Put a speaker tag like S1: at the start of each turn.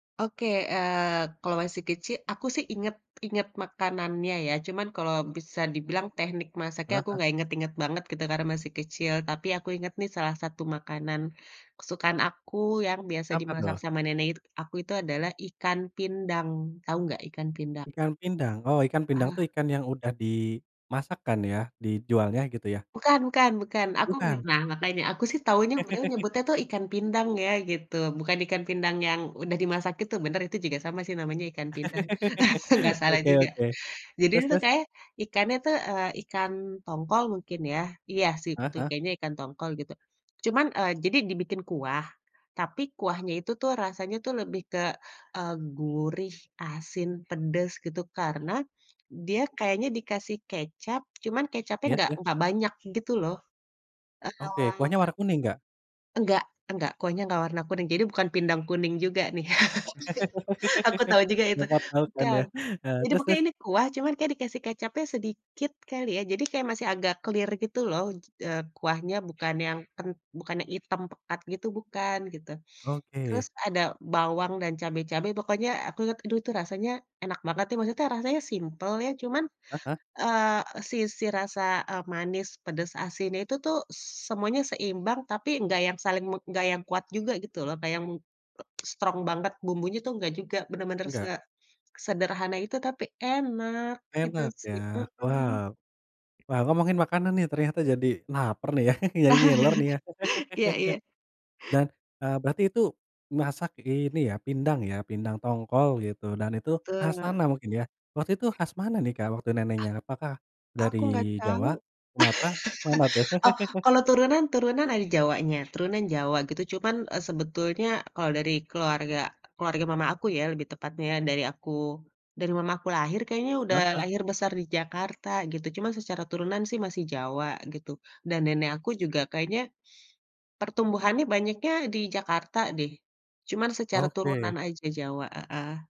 S1: Oke, eee, kalau masih kecil aku sih inget inget makanannya ya cuman kalau bisa dibilang teknik masaknya aku
S2: Heeh.
S1: gak inget-inget banget gitu karena masih kecil, tapi aku inget nih salah satu makanan kesukaan aku yang biasa
S2: Apa
S1: dimasak
S2: tuh?
S1: sama nenek it aku itu adalah ikan pindang, tahu nggak ikan pindang?
S2: Ikan pindang. Oh ikan pindang tuh
S1: Aha.
S2: ikan yang udah dimasak kan ya, dijualnya gitu ya?
S1: Bukan bukan bukan. Aku mmm,
S2: Bukan?
S1: nah makanya, aku sih taunya beliau nyebutnya itu ikan pindang ya gitu, bukan ikan pindang yang udah dimasak itu bener, itu juga sama sih namanya ikan pindang, nggak salah
S2: Oke
S1: juga.
S2: oke,
S1: Jadi
S2: terus
S1: dia itu
S2: terus?
S1: kayanya ikannya tuh, eee, ikan tongkol mungkin ya iya sih
S2: Heeh
S1: itu
S2: heeh.
S1: kayanya ikan tongkol gitu. Cuman, eee, jadi dibikin kuah, tapi kuahnya itu tuh rasanya tuh lebih ke, eee, gurih, asin, pedes, gitu. Karena dia kayaknya dikasih kecap cuman kecapnya
S2: Iya
S1: enggak
S2: iya.
S1: enggak banyak gitu loh,
S2: Oke, kuahnya
S1: eee.
S2: warna kuning enggak?
S1: Enggak enggak, kuahnya nggak warna kuning, jadi bukan pindang kuning juga nih, aku tahu juga itu,
S2: Dekat laut kan
S1: bukan.
S2: ya? Eee,
S1: Jadi
S2: terus
S1: pokoknya
S2: terus?
S1: ini kuah, cuman kayaknya dikasih kecapnya sedikit kali ya, jadi kayak masih agak clear gitu loh, eee, kuahnya bukan yang ken bukan yang hitam pekat gitu bukan, gitu. Terus
S2: Oke.
S1: ada bawang dan cabe-cabe pokoknya aku t aduh tuh rasanya enak banget tuh, maksudnya rasanya simpel ya cuman,
S2: Heeh.
S1: eee, sisi rasa, eee, manis, pedas, asin, itu tuh s semuanya seimbang tapi nggak yang saling me enggak yang kuat juga gitu loh kayak yang m strong banget bumbunya tuh nggak juga, bener-bener se
S2: Enggak.
S1: sederhana itu tapi enak, itu
S2: Enak
S1: sih
S2: ya,
S1: mhm.
S2: wow. Wow, ngomongin makanan nih ternyata jadi laper nih ya, jadi ngiler nih ya?
S1: Iya iya.
S2: Dan, eee, berarti itu masak ini ya, pindang ya, pindang tongkol gitu dan itu khas
S1: Betul.
S2: sana mungkin ya. Waktu itu khas mana nih Kak waktu
S1: Ah
S2: neneknya, apakah dari
S1: aku nggak tahu.
S2: Jawa, Sumatera, mana tuh?
S1: Oh, kalau turunan turunan ada Jawanya. Turunan jawa gitu cuman, eee, sebetulnya kalau dari keluarga keluarga mama aku ya lebih tepatnya ya dari aku dari mama aku lahir kayaknya udah
S2: Heeh.
S1: lahir besar di Jakarta, gitu. Cuman secara turunan sih masih Jawa gitu dan nenek aku juga kayaknya, pertumbuhannya banyaknya di Jakarta deh, cuman secara turunan
S2: Oke.
S1: aja Jawa, heeh.